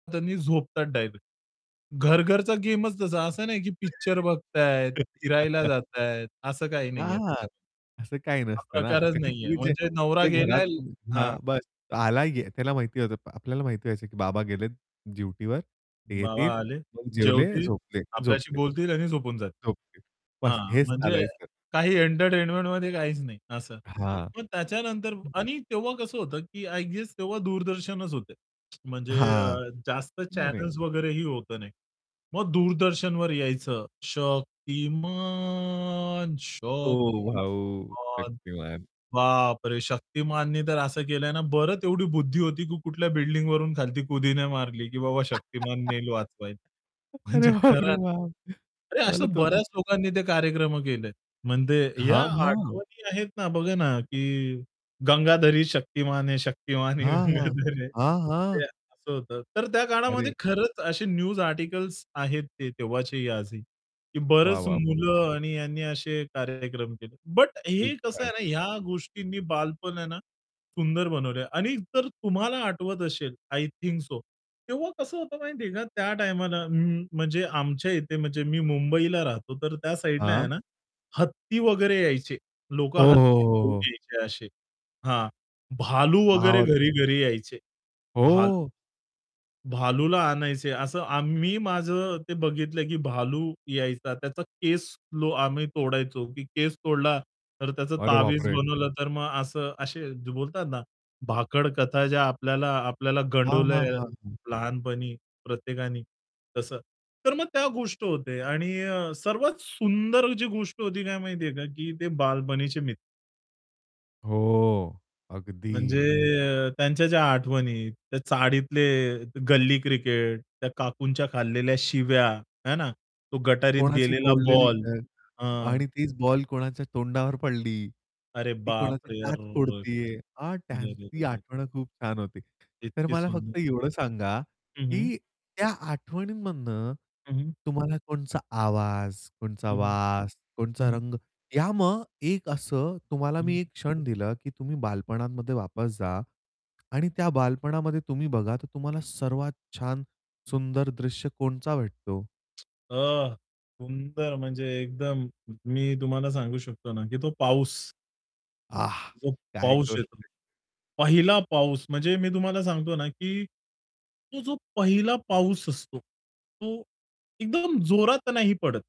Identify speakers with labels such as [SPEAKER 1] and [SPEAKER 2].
[SPEAKER 1] त्यांनी झोपतात डायरेक्ट. घर-घरचा गेमच तसा. असं नाही की पिक्चर बघतायेत, फिरायला जातायेत, असं काही
[SPEAKER 2] आ,
[SPEAKER 1] नाहीये
[SPEAKER 2] हां,
[SPEAKER 1] त्याच्यात.
[SPEAKER 2] असं काही
[SPEAKER 1] हा
[SPEAKER 2] नसतं ना,
[SPEAKER 1] प्रकारच
[SPEAKER 2] का की
[SPEAKER 1] नाहीये.
[SPEAKER 2] तुम्ही जे
[SPEAKER 1] म्हणजे नवरा
[SPEAKER 2] जे घरात
[SPEAKER 1] गेलाय हां.
[SPEAKER 2] हां बस आला त्याला माहिती होतं. आपल्याला माहिती व्हायचं की बाबा गेलेत, ड्युटीवर ते
[SPEAKER 1] बाबा
[SPEAKER 2] येतील
[SPEAKER 1] आले,
[SPEAKER 2] मग जेवले,
[SPEAKER 1] जेवतील,
[SPEAKER 2] झोपले
[SPEAKER 1] आपल्याशी
[SPEAKER 2] झोपले
[SPEAKER 1] बोलतील आणि झोपून जातील.
[SPEAKER 2] झोपले. बस
[SPEAKER 1] हां,
[SPEAKER 2] हेच
[SPEAKER 1] म्हणजे
[SPEAKER 2] चालायचं.
[SPEAKER 1] काही एंटरटेनमेंटमध्ये काहीच नाही असं.
[SPEAKER 2] आहां.
[SPEAKER 1] मग त्याच्यानंतर
[SPEAKER 2] हं.
[SPEAKER 1] आणि तेव्हा कसं होतं की आय गेस तेव्हा दूरदर्शनच होतं. म्हणजे
[SPEAKER 2] आहां,
[SPEAKER 1] अ, जास्त
[SPEAKER 2] नाही, नाही.
[SPEAKER 1] चॅनल्स वगैरेही होतं नाही. मग दूरदर्शनवर यायचं शतिमान,
[SPEAKER 2] ओ भाऊ
[SPEAKER 1] शक्तिमान
[SPEAKER 2] शक्तिमान.
[SPEAKER 1] बापरे, शक्तिमाननी तर असं केलंय ना बरं एवढी बुद्धी होती की कुठल्या बिल्डिंगवरून खालती कुदि नाही मारली की बाबा शक्तिमान नेईल वाचवायला.
[SPEAKER 2] अरे,
[SPEAKER 1] म्हणजे खरं.
[SPEAKER 2] बापरे बाप!
[SPEAKER 1] अरे,
[SPEAKER 2] मला
[SPEAKER 1] असं
[SPEAKER 2] तुमची.
[SPEAKER 1] बऱ्याच लोकांनी ते कार्यक्रम केलेत. म्हणजे या
[SPEAKER 2] हां, हां.
[SPEAKER 1] आठवणी आहेत ना बघा ना, की गंगाधर ही शक्तिमान है शक्तिमान ही
[SPEAKER 2] हां, हां.
[SPEAKER 1] गंगाधर है
[SPEAKER 2] हां,
[SPEAKER 1] ते
[SPEAKER 2] हां.
[SPEAKER 1] असं होतं. तर त्या
[SPEAKER 2] अरे!
[SPEAKER 1] काळामध्ये खरंच असे न्यूज आर्टिकल्स आहेत ते तेव्हाचे आजही. की
[SPEAKER 2] वाह,
[SPEAKER 1] बरच
[SPEAKER 2] वाह, वाह!
[SPEAKER 1] मुलं आणि यांनी असे कार्यक्रम केले. बट
[SPEAKER 2] खूप
[SPEAKER 1] हे कसं
[SPEAKER 2] छान.
[SPEAKER 1] आहे ना या गोष्टींनी बालपण आहे ना, सुंदर बनवलंय आणि जर तुम्हाला आठवत असेल आय थिंक सो तेव्हा कसं होतं माहिती आहे का त्या टाईमाला म्हणजे आमच्या इथे म्हणजे मी मुंबईला राहतो तर त्या साइडला आहे
[SPEAKER 2] हां.
[SPEAKER 1] ना, हत्ती वगैरे यायचे, लोकं
[SPEAKER 2] हो, हो,
[SPEAKER 1] हत्ती
[SPEAKER 2] हो,
[SPEAKER 1] घेऊन
[SPEAKER 2] हो.
[SPEAKER 1] यायचे असे. हां, भालू वगैरे
[SPEAKER 2] महावत
[SPEAKER 1] घरी-घरी यायचे. भालू
[SPEAKER 2] हो.
[SPEAKER 1] भालूला आणायचे, असं आम्ही माझं ते बघितलं की भालू यायचा, त्याचा केस आम्ही तोडायचो. की केस तोडला तर त्याच
[SPEAKER 2] अरे,
[SPEAKER 1] तावीज
[SPEAKER 2] बापरे!
[SPEAKER 1] बनवलं तर मग असं, असे बोलतात ना, भाकडकथा ज्या आपल्याला आपल्याला
[SPEAKER 2] हां,
[SPEAKER 1] गंडवल्या
[SPEAKER 2] हां, हां, हां.
[SPEAKER 1] लहानपणी प्रत्येकानी तसं. तर मग त्या गोष्ट होते आणि अ, सर्वात सुंदर जी गोष्ट होती काय माहितीये का, की ते बालपणीचे मि
[SPEAKER 2] हो,
[SPEAKER 1] म्हणजे
[SPEAKER 2] अगदी.
[SPEAKER 1] त्यांच्या ज्या आठवणी, त्या चाळीतले, गल्ली क्रिकेट, त्या काकूंच्या खालेल्या शिव्या आहे ना, तो गटारीत
[SPEAKER 2] कोणाची
[SPEAKER 1] गेलेला
[SPEAKER 2] फोडलेली
[SPEAKER 1] बॉल.
[SPEAKER 2] अ,
[SPEAKER 1] हं.
[SPEAKER 2] आणि तीच बॉल कोणाच्या तोंडावर पडली.
[SPEAKER 1] अरे
[SPEAKER 2] ती
[SPEAKER 1] बाप
[SPEAKER 2] कोणाची
[SPEAKER 1] रे!
[SPEAKER 2] दात
[SPEAKER 1] अरर.
[SPEAKER 2] फोडतीये अ, त्यांची
[SPEAKER 1] रेरेरेरे!
[SPEAKER 2] आठवण खूप छान होती. तर
[SPEAKER 1] इतकी
[SPEAKER 2] मला
[SPEAKER 1] सुंदर.
[SPEAKER 2] फक्त एवढं सांगा,
[SPEAKER 1] हं, हं.
[SPEAKER 2] की त्या आठवणींमधनं
[SPEAKER 1] हं, हं.
[SPEAKER 2] तुम्हाला कोणचा आवाज, कोणचा
[SPEAKER 1] हं, हं.
[SPEAKER 2] वास,
[SPEAKER 1] हं,
[SPEAKER 2] कोणचा
[SPEAKER 1] हं.
[SPEAKER 2] रंग. या मग एक असं तुम्हाला
[SPEAKER 1] हं.
[SPEAKER 2] मी एक क्षण दिलं की तुम्ही बालपणांमध्ये वापस जा. आणि त्या बालपणामध्ये तुम्ही बघा तर तुम्हाला सर्वात छान सुंदर दृश्य कोणचा भेटतो?
[SPEAKER 1] अ, सुंदर म्हणजे एकदम मी तुम्हाला सांगू शकतो ना, की तो पाऊस
[SPEAKER 2] आह!
[SPEAKER 1] जो
[SPEAKER 2] काय
[SPEAKER 1] पाऊस
[SPEAKER 2] गोष्ट
[SPEAKER 1] येतो.
[SPEAKER 2] आहे.
[SPEAKER 1] पहिला पाऊस म्हणजे मी तुम्हाला सांगतो ना की तो जो पहिला पाऊस असतो तो एकदम जोरात नाही पडत.